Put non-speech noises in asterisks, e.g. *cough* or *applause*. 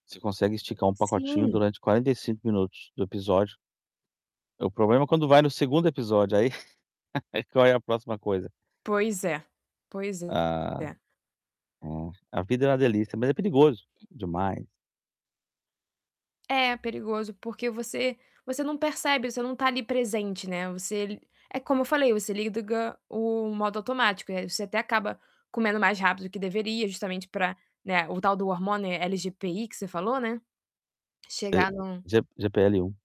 Você consegue esticar um pacotinho Sim. durante 45 minutos do episódio. É, o problema é quando vai no 2º episódio, aí *chuckles* aí qual é a próxima coisa? Pois é, pois A é. a a vida era uma delícia, mas é perigoso demais. É perigoso, porque você você não percebe. Você não tá ali presente, né. Você li é como eu falei, você liga o modo automático, aí você até acaba comendo mais rápido que deveria justamente pra, né, o tal do hormônio LGPI que você falou, né, que É chega no G GPL1.